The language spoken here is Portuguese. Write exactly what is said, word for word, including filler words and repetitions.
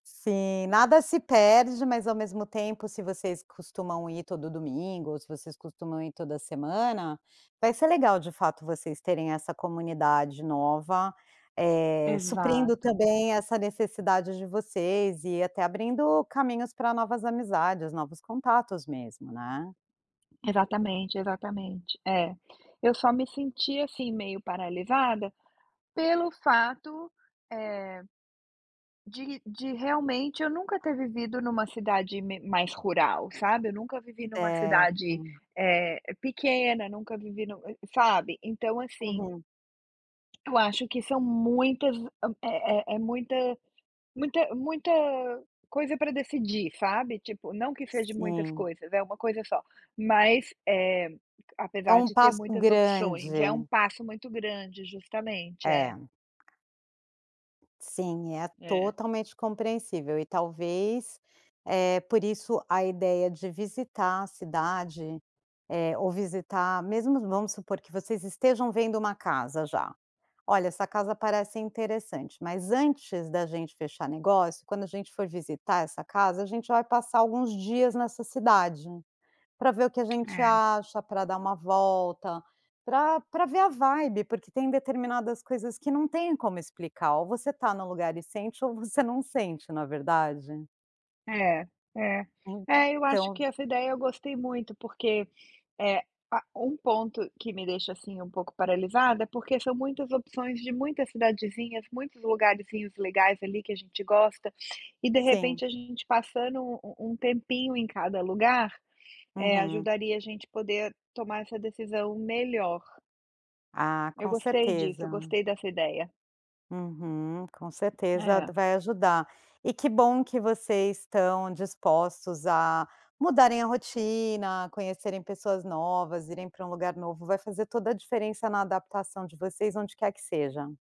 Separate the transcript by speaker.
Speaker 1: Sim. Nada se perde, mas, ao mesmo tempo, se vocês costumam ir todo domingo, ou se vocês costumam ir toda semana, vai ser legal, de fato, vocês terem essa comunidade nova, eh, suprindo
Speaker 2: Exato.
Speaker 1: também essa necessidade de vocês, e até abrindo caminhos pra novas amizades, novos contatos mesmo, né.
Speaker 2: Exatamente, exatamente. É. Eu só me senti, assim, meio paralisada, pelo fato, eh, de de realmente eu nunca ter vivido em uma cidade me mais rural, sabe. Eu nunca vivi em uma cidade,
Speaker 1: Certo.
Speaker 2: eh, pequena. Nunca vivi no sabe. Então, assim
Speaker 1: Uhum.
Speaker 2: eu acho que são muitas é é é muita muita muita coisa para decidir, sabe. Tipo, não que seje de muitas
Speaker 1: Sim.
Speaker 2: coisas, é uma coisa só, mas, eh,
Speaker 1: É
Speaker 2: apesar
Speaker 1: um
Speaker 2: de ter
Speaker 1: passo
Speaker 2: muitas opções, é um
Speaker 1: grande.
Speaker 2: passo muito grande Justamente, é.
Speaker 1: É. Sim, é
Speaker 2: É.
Speaker 1: totalmente compreensível. E, talvez, eh, por isso a ideia de visitar a cidade, eh, ou visitar mesmo vamos supor que vocês estejam vendo uma casa, já: “Olha, essa casa parece interessante. Mas, antes da gente fechar negócio, quando a gente for visitar essa casa, a gente vai passar alguns dias nessa cidade.” Pra ver o que a gente
Speaker 2: É.
Speaker 1: acha, pra dar uma volta, pra pra ver a vibe, porque tem determinadas coisas que não têm como explicar. Ou você tá no lugar e sente, ou você não sente, não é verdade.
Speaker 2: É é é, eu acho
Speaker 1: Então
Speaker 2: que essa ideia eu gostei muito, porque é ah, um ponto que me deixa, assim, um pouco paralisada é porque são muitas opções de muitas cidadezinhas, muitos lugarzinhos legais ali que a gente gosta. E, de
Speaker 1: Sim.
Speaker 2: repente, a gente passando u um tempinho em cada lugar, eh,
Speaker 1: Uhum.
Speaker 2: ajudaria a gente poder tomar essa decisão melhor.
Speaker 1: Ah,
Speaker 2: Eu
Speaker 1: com
Speaker 2: gostei disso, eu
Speaker 1: certeza.
Speaker 2: gostei dessa ideia.
Speaker 1: Uhum, com certeza
Speaker 2: É.
Speaker 1: d vai ajudar. E que bom que vocês estão dispostos a mudarem a rotina, conhecerem pessoas novas, irem para um lugar novo. Vai fazer toda a diferença na adaptação de vocês onde quer que seja.